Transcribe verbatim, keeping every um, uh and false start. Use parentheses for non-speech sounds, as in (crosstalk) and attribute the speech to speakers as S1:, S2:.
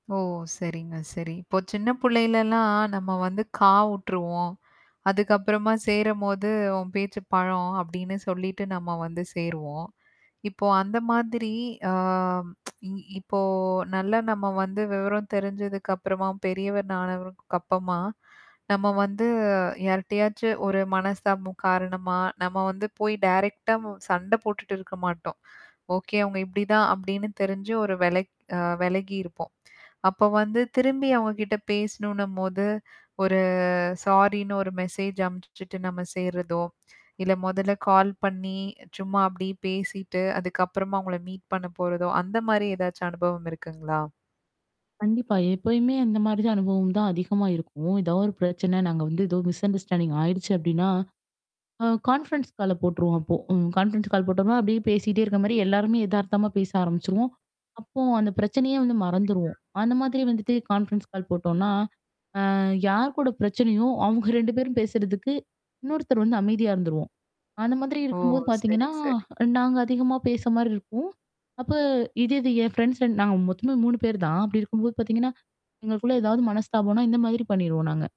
S1: ஓ! சரிங்க. சரி. இப்போ சின்ன புள்ளையிலலாம் நம்ம வந்து காவுட்டுருவோம். (inhales) அதுக்கப்புறமா சேரும்போது உன் பேச்சு பழம் அப்டின்னு சொல்லிட்டு நம்ம வந்து சேருவோம். (inhales) இப்போ அந்த மாதிரி ஆ (tsk) இ இப்போ நல்லா நம்ம வந்து விவரம் தெரிஞ்சதுக்குப்புறமா பெரியவர் நணவருக்கப்பமா நம்ம வந்து யார்ட்டியாச்சு ஒரு மனசமு காரணமா, நம்ம வந்து போய் டைரெக்ட் ஆ சண்ட போட்டுட்டு இருக்க மாட்டோம். (inhales) ஓகே அவங்க இப்படிதான் அப்படின்னு தெரிஞ்சு ஒரு வெலக் அ வெலகியிருப்போம். அப்ப வந்து திரும்பி அவங்ககிட்ட பேசணும்னும்போது, ஒரு சாரின்னு ஒரு மெசேஜ் அம்ச்சுட்டு நம்ம சேர்றதோ, இல்ல மொதல்ல கால் பண்ணி சும்மா அப்டி பேசிட்டு, அதுக்கப்புறமா அவங்கள மீட் பண்ண போறதோ, அந்த மாரி ஏதாச்சும் அனுபவம் இருக்குங்களா?
S2: கண்டிப்பா, எப்பயுமே அந்த மாரி தான் அனுபவம் தான் அதிகமா இருக்கும். ஏதோ ஒரு பிரச்சன நாங்க வந்து ஏதோ மிஸ்அண்டர்ஸ்டாண்டிங் ஆயிடுச்சு அப்ப்டின்னா, அ கான்ஃபரன்ஸ் கால போட்டுருவோம் அப்போ. ம் கான்ஃபரன்ஸ் கால் போட்டோனா, அப்ப்டடியியே பேசிட்டே இருக்க மாரி எல்லாருமே எதார்த்தமா பேச ஆரம்பிச்சுருவோம், அப்போ அந்த பிரச்சனையே வந்து
S1: சரிங்க
S2: மறந்துருவோம். அந்த மாதிரி வந்துட்டு கான்ஃபரன்ஸ் கால் போட்டோம்னா, அ, யார் கூட பிரச்சனையோ, அவங்க ரெண்டு பேரும் பேசுறதுக்கு இன்னொருத்தர் வந்து அமைதியா இருந்துருவோம். அந்த மாதிரி
S1: ஓ!
S2: இருக்கும்போது
S1: சரி,
S2: பாத்தீங்கன்னா,
S1: சரி.
S2: நாங்க அதிகமா பேச மாரி இருக்கும். அப்ப இதே இது என் ஃப்ரெண்ட்ஸ் நாங்க மொத்தமாவே மூனு பேரு தான். அப்படி இருக்கும்போது பாத்தீங்கன்னா, எங்களுக்குள்ள ஏதாவது மனஸ்தாபம்னா இந்த மாதிரி பண்ணிருவோம் நாங்க.